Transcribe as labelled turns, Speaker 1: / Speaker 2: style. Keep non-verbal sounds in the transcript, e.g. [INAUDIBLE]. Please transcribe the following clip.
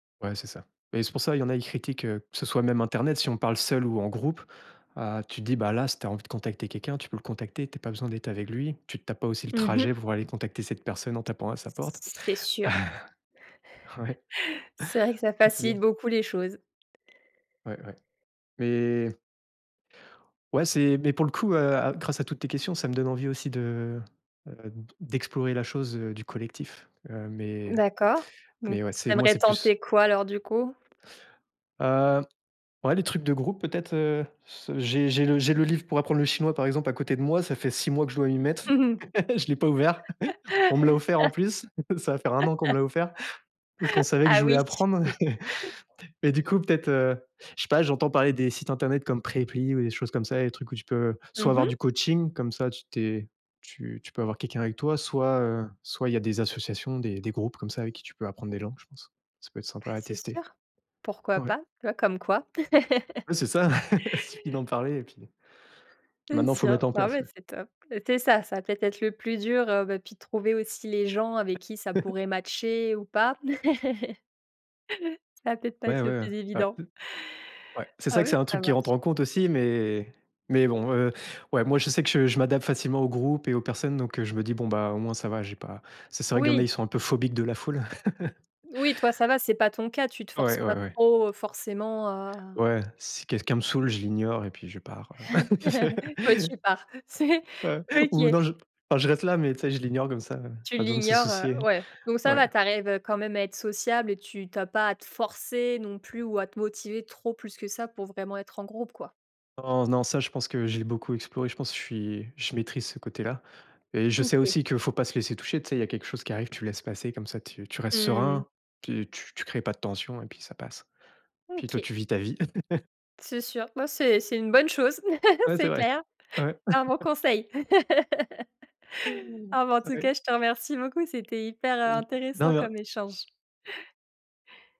Speaker 1: Ouais c'est ça mais c'est pour ça, il y en a ils critiquent heu, que ce soit même internet, si on parle seul ou en groupe, heu, tu te dis: «Bah là, si tu as envie de contacter quelqu'un, tu peux le contacter, tu as pas besoin d'être avec lui. Tu te tapes pas aussi le
Speaker 2: Mmh mh.
Speaker 1: trajet pour aller contacter cette personne en tapant à sa porte».
Speaker 2: C'est sûr.
Speaker 1: [CHUCKLES] Ouais.
Speaker 2: [CHUCKLES] C'est vrai que ça
Speaker 1: [CHUCKLES] C'est bien
Speaker 2: facilite beaucoup les choses.
Speaker 1: Ouais, ouais. Mais ouais c'est mais pour le coup, heu, à gr grâce à toutes tes questions, ça me donne envie aussi de, heu, de de d'explorer la chose, heu, du collectif, heu, mais
Speaker 2: D'accord. Donc
Speaker 1: mais, ouais, c'est
Speaker 2: tu
Speaker 1: moi,
Speaker 2: aimerais
Speaker 1: c'est plus
Speaker 2: tenter quoi alors du coup?
Speaker 1: Heu, ouais, les trucs de groupe, peut-être, heu, j'ai j'ai le j'ai le livre pour apprendre le chinois, par exemple, à côté de moi, ça fait 6 mois que je dois m'y
Speaker 2: [CHUCKLES]
Speaker 1: mettre.
Speaker 2: [LAUGHS]
Speaker 1: Je l'ai pas ouvert. On me l'a offert en plus. Ça va faire 1 an qu'on me l'a offert. Parce qu'on savait que
Speaker 2: Ah
Speaker 1: je voulais
Speaker 2: oui.
Speaker 1: apprendre
Speaker 2: [LAUGHS]
Speaker 1: et du coup peut-être, heu je sais pas, j'entends parler des sites internet comme Preply ou des choses comme ça, des trucs où tu peux, soit
Speaker 2: Mmh
Speaker 1: avoir
Speaker 2: mh.
Speaker 1: du coaching. Comme ça, tu t'es tu tu peux avoir quelqu'un avec toi, soit, heu, soit il y a des associations, des des groupes comme ça avec qui tu peux apprendre des langues, je pense. Ça peut être
Speaker 2: Bah
Speaker 1: sympa à
Speaker 2: c'est
Speaker 1: tester
Speaker 2: sûr. Pourquoi
Speaker 1: ouais.
Speaker 2: pas? [UNINTELLIGIBLE] comme quoi. [LAUGHS]
Speaker 1: Ouais c'est ça. [CHUCKLES] Suffit d'en parler et puis.
Speaker 2: C'est
Speaker 1: Maintenant il faut
Speaker 2: sûr.
Speaker 1: mettre en
Speaker 2: ouais,
Speaker 1: place,
Speaker 2: bah,
Speaker 1: ouais.
Speaker 2: c'est top. C'est ça, ça peut être le plus dur, heu, bah, puis trouver aussi les gens avec qui ça pourrait
Speaker 1: [CHUCKLES]
Speaker 2: matcher ou pas. [CHUCKLES] Ça va peut être pas
Speaker 1: Ouais,
Speaker 2: être le
Speaker 1: ouais,
Speaker 2: plus
Speaker 1: Ouais.
Speaker 2: évident.
Speaker 1: Ouais. C'est
Speaker 2: Ah
Speaker 1: ça que c'est
Speaker 2: oui.
Speaker 1: un
Speaker 2: Ca
Speaker 1: truc qui rentre
Speaker 2: marche.
Speaker 1: en compte aussi mais mais bon, heu ouais moi je sais que je je m'adapte facilement au groupe et aux personnes donc heu, je me dis: «Bon bah au moins ça va, j'ai pas» C'est vrai qu'il y en a,
Speaker 2: Oui.
Speaker 1: ils sont un peu phobiques de la foule. [CHUCKLES]
Speaker 2: Oui, toi ça va, c'est pas ton cas, tu te forces
Speaker 1: Ouais, ouais,
Speaker 2: pas
Speaker 1: ouais.
Speaker 2: trop, forcément, heu
Speaker 1: Ouais. Si quelqu'un me saoule, je l'ignore et puis je pars, heu,
Speaker 2: [CHUCKLES] Ouais tu
Speaker 1: [CHUCKLES]
Speaker 2: pars, c'est
Speaker 1: Ou
Speaker 2: OK.
Speaker 1: non je enfin je reste là, mais tu sais je l'ignore comme ça, heu,
Speaker 2: Tu
Speaker 1: pas besoin de se
Speaker 2: l'ignore, heu
Speaker 1: soucier
Speaker 2: ouais. Donc ça
Speaker 1: ouais.
Speaker 2: va, tu arrives quand même à être sociable et tu tu as pas à te forcer non plus ou à te motiver trop plus que ça pour vraiment être en groupe, quoi.
Speaker 1: Non, non. Ca je pense que j'ai beaucoup exploré, je pense je suis je maîtrise ce côté-là et je sais
Speaker 2: OK.
Speaker 1: aussi qu'il faut pas se laisser toucher. Tu sais il y a quelque chose qui arrive, tu laisses passer comme ça tu tu restes
Speaker 2: Mmh.
Speaker 1: serein. Tu tu créer pas de tension et puis ça passe. Puis toi,
Speaker 2: OK.
Speaker 1: tu vis ta vie. [CHUCKLES]
Speaker 2: C'est sûr. Ouais c'est c'est une bonne chose.
Speaker 1: Ouais c'est
Speaker 2: C'est
Speaker 1: vrai.
Speaker 2: clair.
Speaker 1: Ouais.
Speaker 2: Un bon
Speaker 1: [CHUCKLES]
Speaker 2: conseil. Ah bah en tout cas,
Speaker 1: [UNINTELLIGIBLE]
Speaker 2: je te remercie beaucoup, c'était hyper in intéressant comme
Speaker 1: [UNINTELLIGIBLE]
Speaker 2: échange.